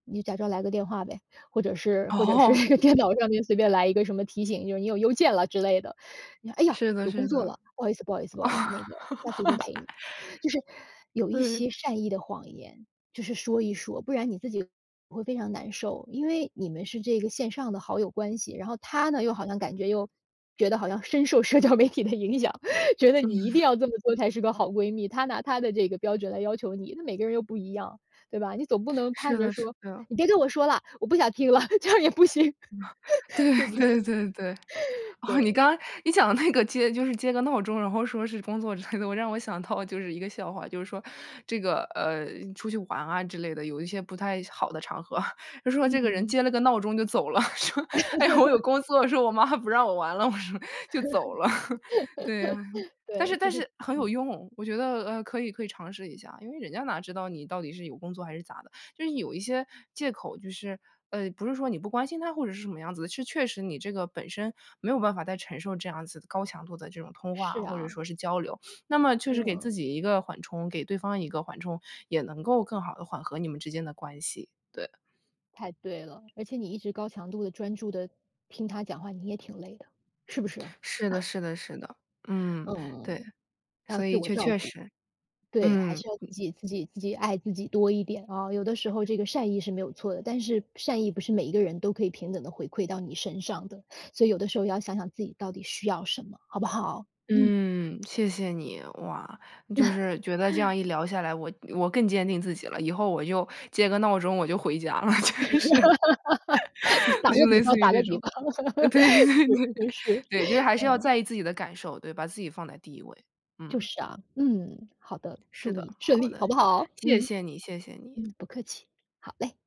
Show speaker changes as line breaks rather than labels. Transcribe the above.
你就假装来个电话呗，或者是或者是
哦。
电脑上面随便来一个什么提醒，就是你有邮件了之类的。你说：“诶呀，
是的，
有工
是
作
的。
了，不好意思不好意思不好意思，那个下次一定陪你。”就是 有一
对。
些善意的谎言，就是说一说，不然你自己会非常难受。因为你们是这个线上的好友关系，然后她呢又好像感觉又觉得好像深受社交媒体的影响，觉得你一定
嗯。
要这么做才是个好闺蜜，她拿她的这个标准来要求你，那每个人又不一样，对吧？你总不能盼
是
着
的，是
说：
的。
“你别跟我说了，我不想听了！” 这样也不行，
对
对不对？
对对对。哦，你
对。
刚你讲的那个接就是接个闹钟，然后说是工作之类的，让我想到就是一个笑话。就是说这个，呃，出去玩啊之类的，有一些不太好的场合，就说这个人
嗯。
接了个闹钟就走了。说：“哎，我有 工作。”说：“我妈不让我玩了。”我说，就走了。对。但是
对，就
但
是
是很有
嗯。
用，我觉得，呃，可以可以尝试一下。因为人家哪知道你到底是有工作还是咋的，就是有一些借口，就是，呃，不是说你不关心她或者是什么样子的，是确实你这个本身没有办法再承受这样子高强度的这种通话，
是
或者
啊。
说是交流。那么确实给
嗯。
自己一个缓冲，给对方一个缓冲，也能够更好地缓和你们之间的关系。对。
太对了，而且你一直高强度的专注地听她讲话，你也挺累的，是不是？
是的，是的，是的。嗯，对。
嗯。要
所
自
以
我
确
照
确
顾，
实。
对，还
嗯，
是要自
嗯。
己自己自己爱自己多一点啊。有的时候这个善意是没有错的，但是善意不是每一个人都可以平等地回馈到你身上的。所以有的时候要想想自己到底需要什么，好不好？嗯。
嗯，谢谢你。哇，就是觉得这 样一聊下来，我我更坚定自己了，以后我就接个闹钟，我就回家了。就是，
你打
那就
个比
类
方，
似于
打
这
个比
种。
方。
对，对，对。
是，是，是。
对，就是还是要
嗯。
在意自己的感受，对，把自己放在第1位。
就
嗯。
是啊。嗯，好的，
是
祝
的，
你顺
好
利，好
的。
不好？
谢
嗯。
谢你，谢谢你。
嗯，不客气，好嘞。